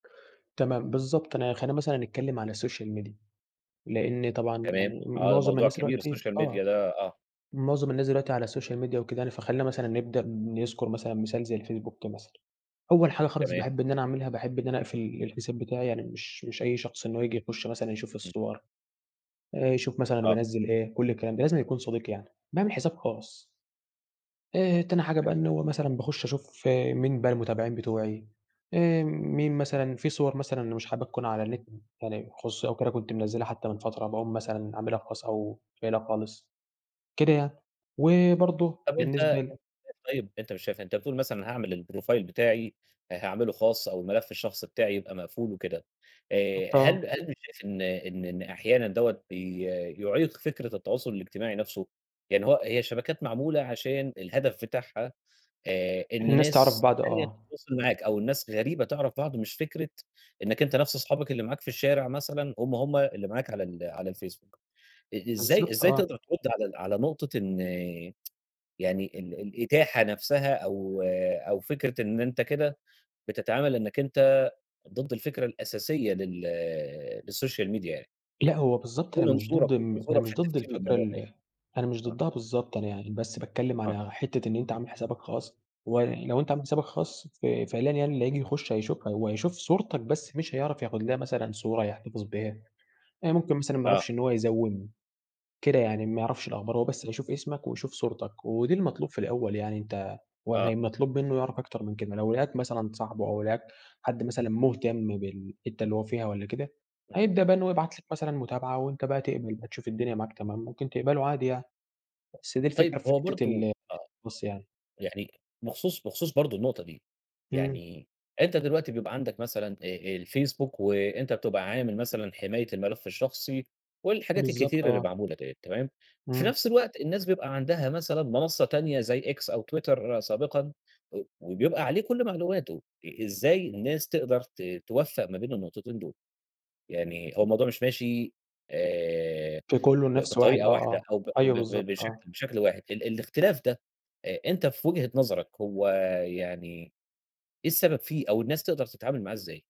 تمام بالضبط أنا خلينا مثلًا نتكلم على الsocial media لإن طبعًا تمام. يعني آه ده معظم موضوع الناس كبير دلوقتي الsocial آه. media ده آه. معظم الناس دلوقتي على الsocial media وكده يعني، فخلينا مثلًا نبدأ نذكر مثلًا مثال زي الفيسبوك مثلًا. أول حاجة خالص تمام. باحب إن أنا أعملها، باحب إن أنا أقفل ال الحساب بتاعي يعني مش مش أي شخص إن هو ييجي يخش مثلًا يشوف امم. الصور. آآ يشوف مثلًا آه. بانزِّل إيه، كل الكلام ده لازمًا يكون صديق يعني. باعمل حساب خاص. آآ تاني حاجة حلو. بقى إن هو مثلًا باخش أشوف مين بقى المتابعين بتوعي، آآ مين مثلًا في صور مثلًا مش حاببها تكون على النت يعني خصوصي أو كده كنت منزلها حتى من فترة باقوم مثلًا عاملها خاص أو شايلها خالص. كده يعني، وبرضه طب أنتَ أنتَ بالنسبة ل مش شايف طيب أنتَ مش شايف أنتَ بتقول مثلًا هاعمل الprofile بتاعي آآ هاعمله خاص أو الملف الشخصي بتاعي يبقى مقفول وكده. بالضبط آآ آه. هل هل شايف إن إن إن أحيانًا دَوَّة بي يعيق فكرة التواصل الإجتماعي نفسه؟ يعني هو هي الشبكات معمولة عشان الهدف بتاعها آآ إن الناس تعرف ناس بعض تانية آه. تتواصل معاك أو الناس غريبة تعرف بعض مش فكرة إنك أنتَ نفس أصحابك اللي معاك في الشارع مثلًا هم، هم اللي معاك على ال على الفيسبوك. إ إزاي بالضبط إزاي آه. تقدر ترد على على نقطة إن يعني ال الإتاحة نفسها أو أو فكرة إن أنتَ كده بتتعامل إنك أنتَ ضد الفكرة الأساسية لل للsocial media يعني؟ لأ، هو بالضبط إيه أنا مش منظورك ضد ال أنا منظورك في مش ضد التفكير الفكرة للموضوع ده يعني؟ ال أنا مش آه. ضدها بالضبط، أنا يعني بس باتكلم آه. على حتّة إن أنتَ عامل حسابك خاص، ولو أنتَ عامل حسابك خاص ف فعليًا يعني اللي هييجي يخش هيشوفها، وهيشوف صورتك بس مش هيعرف ياخد لها مثلًا صورة يحتفظ بيها. آآ ممكن مثلًا ما يعرفش آه. إن هو يزَوِّم كده يعني ما يعرفش الأخبار هو بس هيشوف اسمك ويشوف صورتك ودي المطلوب في الأول يعني أنتَ آه. وهي مطلوب منه يعرف أكتر من كده لو لقاك مثلًا صاحبه أو لقاك حد مثلًا مهتم بالحتّة اللي هو فيها والّا كده هيبدأ [unintelligible] بقى إن هو يبعت لك مثلًا متابعة وأنتَ بقى تقبل بقى تشوف الدنيا معاك تمام ممكن تقبله عادي يعني. بس دي طيب الفكرة في هو حتّة برضه ال آه. الخاص يعني. يعني بخصوص بخصوص برضه النقطة دي امم. يعني أنتَ دلوقتي بيبقى عندك مثلًا أ الفيسبوك وأنتَ بتبقى عامل مثلًا حماية الملف الشخصي والحاجات بالضبط الكتير اللي آه. معمولة دِيَّة تمام؟ في امم. نفس الوقت الناس بيبقى عندها مثلًا منصة تانية زي X أو Twitter سابقًا، و وبيبقى عليه كل معلوماته، إ إزاي الناس تقدر ت توفَّق ما بين النقطتين دول؟ يعني هو [unintelligible] الموضوع مش ماشي آآ في كله ب نفس واحد بطريقة آه، واحدة آه أو ب أيوه ب ب بالضبط آه. بشكل بشكل واحد ال الإختلاف ده أ أنتَ في وجهة نظرك هو يعني إيه السبب فيه أو الناس تقدر تتعامل معاه إزاي؟